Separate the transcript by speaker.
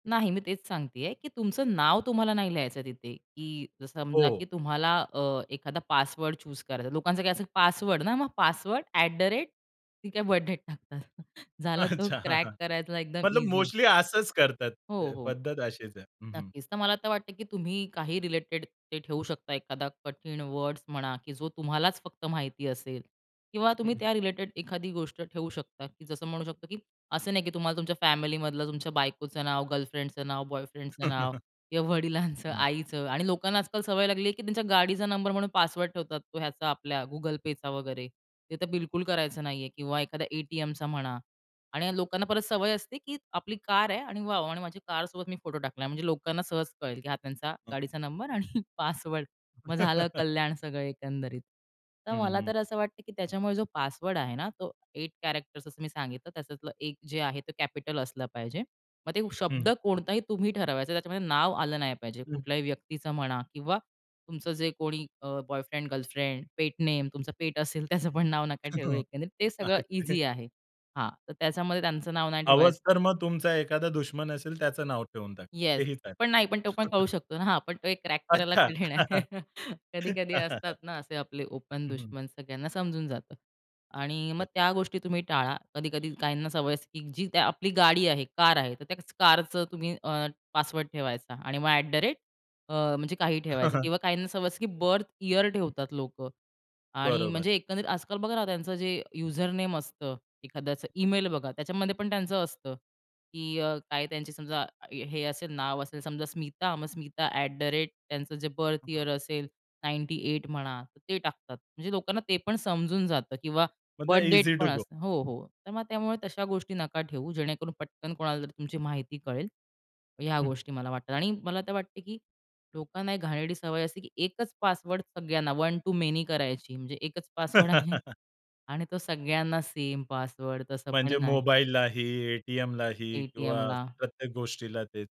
Speaker 1: नाही. मी तेच सांगतेय, की तुमचं नाव तुम्हाला नाही लिहायचं तिथे. की समजा
Speaker 2: हो.
Speaker 1: की तुम्हाला अ, एखादा पासवर्ड चूझ करायचा आहे. लोकांचं काय, असं पासवर्ड ना, मग पासवर्ड ॲट द रेट, ती काय बर्थ डेट टाकतात. झालं तर
Speaker 2: अच्छा, हां,
Speaker 1: क्रॅक
Speaker 2: हां,
Speaker 1: करायला एकदम
Speaker 2: मतलब
Speaker 1: ईझी आहे.
Speaker 2: मोस्टली असंच करतात.
Speaker 1: हो,
Speaker 2: ते
Speaker 1: हो.
Speaker 2: पद्धत अशीच आहे. हं, हं.
Speaker 1: नक्कीच. तर मला आता वाटतंय की तुम्ही काही रिलेटेड ते ठेऊ शकता. एखादा कठीण वर्ड्स म्हणा, की जो तुम्हालाच फक्त माहिती असेल, किंवा तुम्ही
Speaker 2: हं.
Speaker 1: त्या रिलेटेड एखादी गोष्ट ठेवू शकता. जसं म्हणू शकतो, की असं नाही की तुम्हाला तुमच्या फॅमिलीमधलं, तुमच्या बायकोचं नाव, गर्लफ्रेंडचं नाव, बॉयफ्रेंडचं नाव, किंवा वडिलांचं,
Speaker 2: हं.
Speaker 1: आईचं. आणि लोकांना आजकाल सवय लागली की त्यांच्या गाडीचा नंबर म्हणून पासवर्ड ठेवतात. तो ह्याचा आपल्या Google Payचा वगैरे, ते तर बिलकुल करायचं नाहीये, किंवा एखाद्या ए-टी-एमचा म्हणा. आणि लोकांना परत सवय असते, की आपली कार आहे आणि वॉव, आणि माझी कारसोबत मी फोटो टाकलाय, म्हणजे लोकांना सहज कळेल की हा त्यांचा
Speaker 2: हं.
Speaker 1: गाडीचा नंबर आणि पासवर्ड. मग झालं कल्याण, सगळं एकंदरीत. तर
Speaker 2: हं,
Speaker 1: मला
Speaker 2: हं.
Speaker 1: तर असं वाटतं की त्याच्यामुळे जो पासवर्ड आहे ना, तो एट कॅरेक्टर, असं मी सांगितलं, त्यातलं एक जे आहे ते कॅपिटल असलं पाहिजे. मग ते शब्द
Speaker 2: हं.
Speaker 1: कोणताही तुम्ही ठरवायचं, त्याच्यामध्ये नाव आलं नाही पाहिजे.
Speaker 2: हं.
Speaker 1: कुठल्याही व्यक्तीचं म्हणा, किंवा तुमचं जे कोणी अ, बॉयफ्रेंड, गर्लफ्रेंड, पेट नेम, तुमचं पेट असेल, त्याचं पण नाव नका ठेवू, एकंदरीत ते सगळं
Speaker 2: [unintelligible]
Speaker 1: ईझी आहे. हां, तर त्याच्यामध्ये त्यांचं नाव नाही ठेवायचं
Speaker 2: हवंच तर मग तुमचा एखादा दुश्मन असेल, त्याचं नाव ठेवून टाका. ते
Speaker 1: येस,
Speaker 2: ही चालेल.
Speaker 1: पण नाही. पण तो पण कळू शकतो ना. हां, पण तो एक क्रॅक करायला
Speaker 2: अच्छा.
Speaker 1: कठीण आहे. कधी-कधी असतात ना असे आपले ओपन
Speaker 2: हं, हं.
Speaker 1: दुश्मन, सगळ्यांना समजून जातं, आणि मग
Speaker 2: अच्छा.
Speaker 1: त्या गोष्टी तुम्ही टाळा. कधी-कधी काहींना सवय असते, की जी आपली गाडी आहे, कार आहे, तर त्याच कारचं तुम्ही अ, पासवर्ड ठेवायचा. आणि मग अ, ॲट द रेट अ, म्हणजे काही ठेवायचं. किंवा काहींना सवय असते, की बर्थ यिअर ठेवतात लोकं. आणि
Speaker 2: बरोबर.
Speaker 1: म्हणजे एकंदर आजकाल बघा ना, त्यांचं जे युजर नेम असतं. एखाद्याचं ईमेल बघा, त्याच्यामध्ये पण त्यांचं असतं की अ, काय त्यांची समजा, हे असेल, नाव असेल, समजा स्मिता, मग स्मिता ॲट द रेट, त्यांचं जे बर्थ यिअर
Speaker 2: [unintelligible]
Speaker 1: असेल 98 म्हणा, तर ते टाकतात. म्हणजे लोकांना ते पण समजून जातं. किंवा
Speaker 2: म्हणजे
Speaker 1: बर्थ डेट
Speaker 2: ईझी टु
Speaker 1: पण
Speaker 2: गो.
Speaker 1: असतं. हो, हो, तर मग त्यामुळे तशा गोष्टी नका ठेवू, जेणेकरून पटकन कोणाला तरी तुमची माहिती कळेल. ह्या
Speaker 2: हं.
Speaker 1: गोष्टी मला वाटतात. आणि मला तर वाटते की लोकांना एक घाणेरडी सवय अशी, की एकच पासवर्ड सगळ्यांना, वन टु मेनी करायची. म्हणजे एकच पासवर्ड आहे आणि तो सगळ्यांना सेम पासवर्ड, तसं
Speaker 2: म्हणजे
Speaker 1: पण नाही.
Speaker 2: मोबाईललाही, ए-टी-एमलाही किंवा
Speaker 1: ए-टी-एमला.
Speaker 2: प्रत्येक गोष्टीला तेच